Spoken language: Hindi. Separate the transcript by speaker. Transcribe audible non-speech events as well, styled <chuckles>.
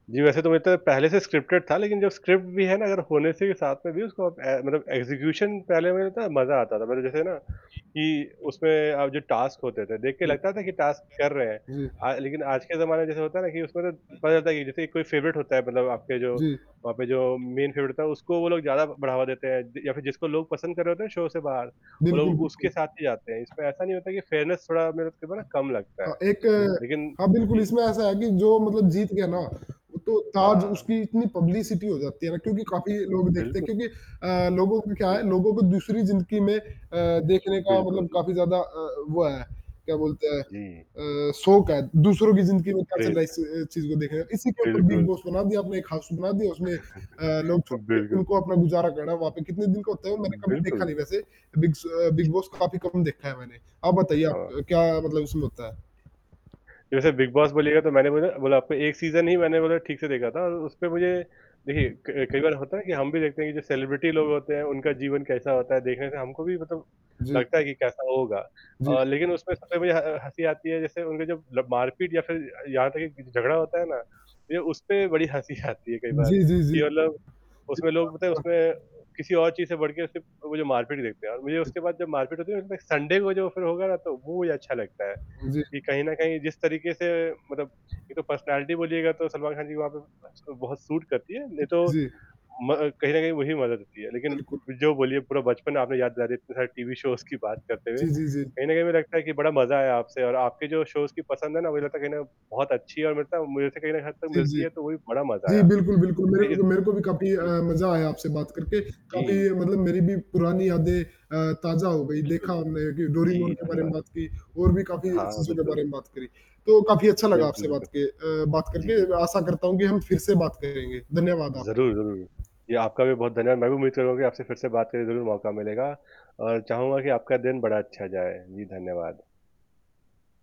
Speaker 1: जी, वैसे तो वो तो पहले से स्क्रिप्टेड था, लेकिन जो स्क्रिप्ट भी है ना अगर होने से ही साथ में भी उसको अप ए, मतलब एक्जीक्यूशन पहले मुझे लगता है, मज़ा आता था पहले जैसे ना
Speaker 2: जी।
Speaker 1: कि उसमें अब जो टास्क होते थे देख के
Speaker 2: जी,
Speaker 1: लगता था कि टास्क कर रहे हैं
Speaker 2: अ जी, अ
Speaker 1: अ, लेकिन आज के ज़माने जैसे होता है ना कि उसमें तो
Speaker 2: पर
Speaker 1: पता था कि जैसे कोई फेवरेट होता है मतलब आपके जो
Speaker 2: जी।
Speaker 1: वहाँ पे जो मेन फेवरेट होता है, उसको वो लोग ज़्यादा बढ़ावा देते हैं या फिर जिसको लोग पसंद कर रहे होते हैं, शो से बाहर वो
Speaker 2: बिल्कुल,
Speaker 1: लोग उसके
Speaker 2: बिल्कुल।
Speaker 1: साथ ही जाते हैं इसमें ऐसा नहीं होता कि फेयरनेस थोड़ा मेरे को तो ना
Speaker 2: अ
Speaker 1: कम लगता
Speaker 2: हाँ
Speaker 1: है
Speaker 2: एक
Speaker 1: लेकिन
Speaker 2: हाँ बिल्कुल
Speaker 1: जी।
Speaker 2: इसमें ऐसा है कि जो मतलब जीत गया ना
Speaker 1: हुँ,
Speaker 2: तो ताज़
Speaker 1: हाँ।
Speaker 2: उसकी इतनी पब्लिसिटी हो जाती है ना क्योंकि काफ़ी लोग देखते हैं
Speaker 1: बिल्कुल।
Speaker 2: क्योंकि अ, लोगों को क्या
Speaker 1: जी।
Speaker 2: है लोगों को दूसरी ज़िंदगी में अ, देखने का
Speaker 1: बिल्कुल।
Speaker 2: मतलब काफ़ी ज़्यादा अ, वो है क्या बोलते हैं
Speaker 1: जी।
Speaker 2: अ, शोक है दूसरों की ज़िंदगी में कैसे
Speaker 1: क्रेज़ है।
Speaker 2: लाइस अ, एस चीज़ को देखा जाए इसी के ऊपर बिग
Speaker 1: बिल्कुल।
Speaker 2: बॉस बना दिया अपने कहा सुना दिया उसमें अ,
Speaker 1: <chuckles>
Speaker 2: लोग छोड़के
Speaker 1: बिल्कुल।
Speaker 2: उनको अपना गुज़ारा करना वहाँ पे कितने दिन का होता है वो मैंने कभी देखा
Speaker 1: बिल्कुल।
Speaker 2: नहीं वैसे बिग्स अ, बिग बॉस काफ़ी कम देखा है मैंने, आप बताइए
Speaker 1: हाँ।
Speaker 2: आप क्या मतलब उसमें होता है?
Speaker 1: जैसे बिग बॉस बोलिएगा तो मैंने बोला बोला आपको एक सीज़न ही मैंने मतलब ठीक से देखा था और उसपे मुझे देखिए क कई बार होता है कि हम भी देखते हैं कि जो सेलिब्रिटी लोग होते हैं उनका जीवन कैसा होता है, देखने का हमको भी मतलब
Speaker 2: जी।
Speaker 1: लगता है कि कैसा होगा
Speaker 2: जी।
Speaker 1: अ, लेकिन उसमें सबसे मुझे ह हँसी आती है जैसे उनके जब मतलब मारपीट या फिर यहाँ तक कि झगड़ा होता है ना ये उसपे बड़ी हँसी आती है कई बार
Speaker 2: जी, जी, जी,
Speaker 1: कि मतलब उसमें लोग पता है
Speaker 2: हाँ, हुँ।
Speaker 1: उसमें किसी और चीज़ से बढ़के सिर्फ़ वो जो मार-पीट देखते हैं और मुझे उसके बाद जब मार-पीट होती है ना उसमें संडे को जो फिर होगा ना तो वो मुझे अच्छा लगता है
Speaker 2: जी।
Speaker 1: कि कहीं न कहीं जिस तरीक़े से मतलब ये तो पर्सनैलिटी बोलिएगा तो सलमान खान जी वहाँ पे आजकल बहुत सूट करती है
Speaker 2: जी,
Speaker 1: नहीं तो
Speaker 2: जी।
Speaker 1: म कहीं न कहीं वही मदद होती है, लेकिन
Speaker 2: बिल्कुल।
Speaker 1: जो बोलिए पूरा बचपन आपने याद दिलाया इतने सारे टीवी शोज़ की बात करते हुए
Speaker 2: जी, जी, जी।
Speaker 1: कहीं न कहीं मुझे लगता है कि बड़ा मज़ा आया आपसे और आपके जो शोज़ की पसंद है ना मुझे लगता कहीं ना बहुत अच्छी है और मुझे लगता मुझे लगता है कहीं ना हद तक
Speaker 2: जी,
Speaker 1: मिलती
Speaker 2: जी,
Speaker 1: है तो वो भी बड़ा मज़ा
Speaker 2: जी
Speaker 1: आया
Speaker 2: बिल्कुल, बिल्कुल, मेरे
Speaker 1: लेकिन
Speaker 2: को मेरे को भी काफ़ी अ,
Speaker 1: जी।
Speaker 2: मज़ा आया आपसे बात करके काफ़ी
Speaker 1: जी।
Speaker 2: मतलब मेरी भी पुरानी यादें अ, ताज़ा हो गई देखा
Speaker 1: बिल्कुल।
Speaker 2: हमने कि डोरी मोन
Speaker 1: जी,
Speaker 2: के बारे
Speaker 1: धन्यवाद।
Speaker 2: में बात की और भी काफ़ी
Speaker 1: हाँ,
Speaker 2: चीज़ों के
Speaker 1: बिल्कुल।
Speaker 2: बारे में बात करी, तो काफ़ी अच्छा लगा
Speaker 1: बिल्कुल,
Speaker 2: आपसे बात
Speaker 1: बिल्कुल।
Speaker 2: के अ, बात
Speaker 1: जी,
Speaker 2: करके
Speaker 1: जी।
Speaker 2: आशा करता हूँ कि हम फिर से बात करेंगे, धन्यवाद आपका।
Speaker 1: ज़रूर, ज़रूर। ये आपका भी बहुत धन्यवाद, मैं भी उम्मीद कर रहा हूँ कि आपसे फिर से बात करने का ज़रूर मौका मिलेगा और चाहूँगा कि आपका दिन बड़ा अच्छा जाए, जी, धन्यवाद।